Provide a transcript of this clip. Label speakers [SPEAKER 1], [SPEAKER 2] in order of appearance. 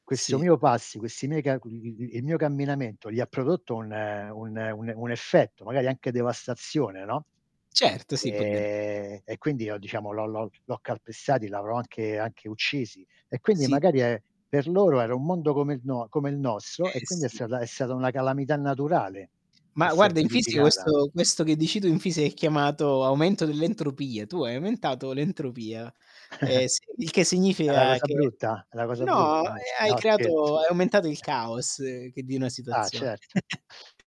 [SPEAKER 1] Questo
[SPEAKER 2] Sì.
[SPEAKER 1] mio passi questi [unintelligible] il mio camminamento, gli ha prodotto un un un un effetto, magari anche devastazione, no.
[SPEAKER 2] Certo, sì, può de
[SPEAKER 1] Ehm, e quindi io diciamo l'ho l'ho l'ho calpestati, l'avrò anche anche uccisi e quindi
[SPEAKER 2] Sì.
[SPEAKER 1] magari è per loro era un mondo come il no come il nostro e
[SPEAKER 2] Eh,
[SPEAKER 1] quindi è
[SPEAKER 2] sì.
[SPEAKER 1] stata è stata una calamità naturale che
[SPEAKER 2] Ma
[SPEAKER 1] si è
[SPEAKER 2] guarda, in fisi
[SPEAKER 1] verificata.
[SPEAKER 2] questo questo che dici tu, in fisica è chiamato aumento dell'entropia. Tu hai aumentato l'entropia. Ehm, sì il che
[SPEAKER 1] È 'na
[SPEAKER 2] significa
[SPEAKER 1] cosa
[SPEAKER 2] che
[SPEAKER 1] brutta? È 'na cosa
[SPEAKER 2] no, eh,
[SPEAKER 1] brutta. No s
[SPEAKER 2] hai
[SPEAKER 1] No, scherz
[SPEAKER 2] creato hai aumentato il caos che di 'na
[SPEAKER 1] Ah,
[SPEAKER 2] situazio
[SPEAKER 1] cert